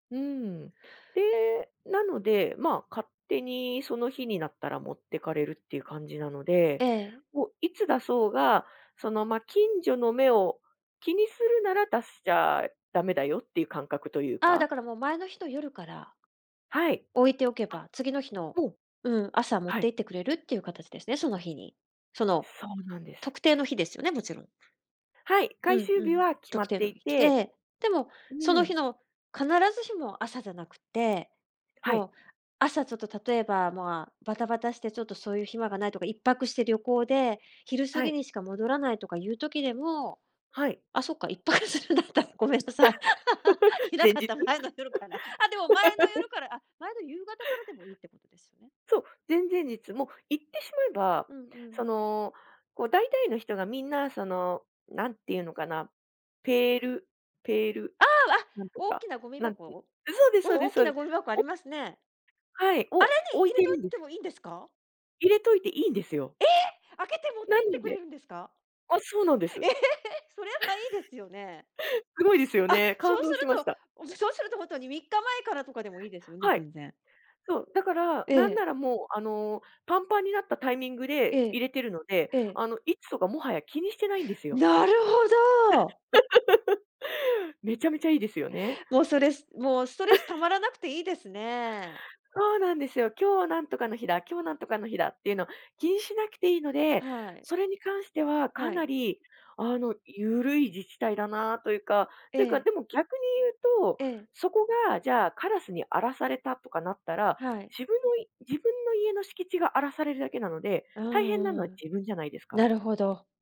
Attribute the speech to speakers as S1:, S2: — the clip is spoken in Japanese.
S1: うーん。で、なので、まあ、勝手にその日になったら持ってかれるっていう感じなので、
S2: ええ。
S1: もういつ出そうが、その、ま、近所の目を気にするなら、出しちゃだめだよっていう感覚という
S2: ああ、だ
S1: か。
S2: からもう、前の日の夜から、
S1: はい。
S2: 置いておけ
S1: あ、
S2: ば、次の日の、
S1: ほう。
S2: うん、朝持っ
S1: はい。
S2: て行ってくれるっていう形ですね、その日に。その、
S1: そうなんです。
S2: 特定の日ですよね、もちろん。
S1: はい、回
S2: うん
S1: 収
S2: う
S1: 日
S2: ん。
S1: は決ま
S2: 特
S1: っ
S2: 定
S1: て
S2: の
S1: い
S2: 日来
S1: て。
S2: て、でも、
S1: う
S2: その日
S1: ん。
S2: の必ずしも朝じゃなくって、
S1: はい。
S2: もう朝ちょっと、例えばまあ、バタバタしてちょっとそういう暇がないとか、1泊して旅行で、昼過
S1: は
S2: ぎ
S1: い。
S2: にしか戻らないとかいう時でも、
S1: はい。
S2: あ、そっか、1泊するんだったら、ごめんなさい。い な
S1: 前
S2: かっ
S1: 日。
S2: た前の夜から。あ、でも前の夜 からあ、前の夕方からでもいいってことですよね。
S1: そう、前々日、もう言ってしまえば、
S2: うんう
S1: そ
S2: ん。
S1: の、こう大体の人がみんなその、なんていうのかな、ペールペール、
S2: ああ、あ、
S1: なんと
S2: 大き
S1: か、
S2: なゴミ
S1: なんん
S2: 箱
S1: そうです
S2: う
S1: そう
S2: ん、
S1: で
S2: 大
S1: す
S2: き
S1: そうで
S2: な
S1: す、
S2: ゴミ箱あり
S1: お
S2: ますね。
S1: はい、
S2: 穴
S1: お
S2: に
S1: 置
S2: 入
S1: い
S2: れ
S1: て
S2: と
S1: る
S2: い
S1: んで
S2: て
S1: す。
S2: もいんですか？
S1: 入れといていいんですよ。
S2: ええ、開けて持っ
S1: な
S2: て行って
S1: の
S2: く
S1: で
S2: れるんですか？
S1: ああ、そうなんで
S2: え
S1: す。
S2: え、それはいいですよね。
S1: すごいですよ
S2: あっ、
S1: ね。
S2: そ
S1: 感
S2: うす
S1: 動しました。
S2: ると、そうすると、ほんとに3日前からとかでもいいですよね、
S1: はい。
S2: 全然。
S1: そう、だから、
S2: え
S1: なん
S2: え。
S1: ならもう、あの、パンパンになったタイミングで、
S2: え
S1: 入
S2: え、
S1: れてるので、
S2: ええ。
S1: あの、いつとか、もはや気にしてないんですよ。
S2: なるほど。
S1: めちゃめちゃいいですよね。
S2: もうそれもう、ストレス溜まら なくていいですね。
S1: そうなんですよ。今日はなんとかの日だ、今日なんとかの日だっていうの、気にしなくていいので、
S2: はい。
S1: それに関してはか
S2: は
S1: な
S2: い。
S1: りあの、ゆるい自治体だなあというか
S2: え
S1: というか。
S2: え。
S1: でも逆に言うと、
S2: ええ。
S1: そこがじゃあ、カラスに荒らされたとかなったら、
S2: はい。
S1: 自分のい自分の家の敷地が荒らされるだけなので、
S2: うん
S1: 大変
S2: う
S1: な
S2: んう
S1: のは
S2: ん。
S1: 自分じゃないです
S2: な
S1: か。
S2: るほど。